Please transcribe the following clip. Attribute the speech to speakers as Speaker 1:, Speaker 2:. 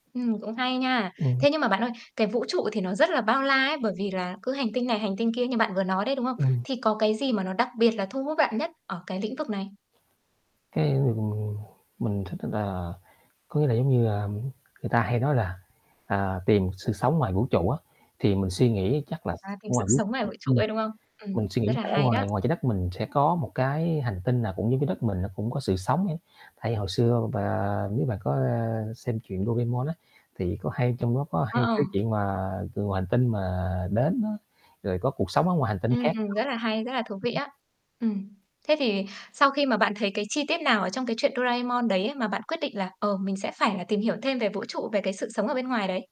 Speaker 1: Ừm, cũng hay nha.
Speaker 2: Ừm.
Speaker 1: Thế nhưng mà bạn ơi, cái vũ trụ thì nó rất là bao la ấy, bởi vì là cứ hành tinh này hành tinh kia như bạn vừa nói đấy, đúng không?
Speaker 2: Ừm.
Speaker 1: Thì có cái gì mà nó đặc biệt là thu hút bạn nhất ở cái lĩnh vực này?
Speaker 2: Cái, ừm, ừm, mình thích [unintelligible] có vẻ như như, à, người ta hay nói là, à, tìm sự sống ngoài vũ trụ á thì mình suy nghĩ chắc là
Speaker 1: À,
Speaker 2: s
Speaker 1: tìm
Speaker 2: không
Speaker 1: sự
Speaker 2: ai biết,
Speaker 1: sống ngoài vũ trụ
Speaker 2: ừm.
Speaker 1: ấy, đúng không? Ừm,
Speaker 2: Mình suy
Speaker 1: rất
Speaker 2: nghĩ
Speaker 1: là
Speaker 2: sẽ ở
Speaker 1: hay đó.
Speaker 2: ngoài ngoài Trái Đất mình sẽ có một cái hành tinh nào cũng như cái đất mình nó cũng có sự sống hết. Tại vì hồi xưa v và nếu mà có, a, xem truyện Doremon á thì có hay trong đó có
Speaker 1: Ờ,
Speaker 2: hay
Speaker 1: ờ.
Speaker 2: cái chuyện mà từ ngoài hành tinh mà đến á, rồi có cuộc sống ở ngoài hành tinh
Speaker 1: Ừm,
Speaker 2: khác
Speaker 1: ừm, rất là hay, rất là thú vị
Speaker 2: [unintelligible]
Speaker 1: á. Ừm. Thế thì sau khi mà bạn thấy cái chi tiết nào ở trong cái chuyện Doraemon đấy á mà bạn quyết định là, ờ, mình sẽ phải là tìm hiểu thêm về vũ trụ, về cái sự sống ở bên ngoài đấy?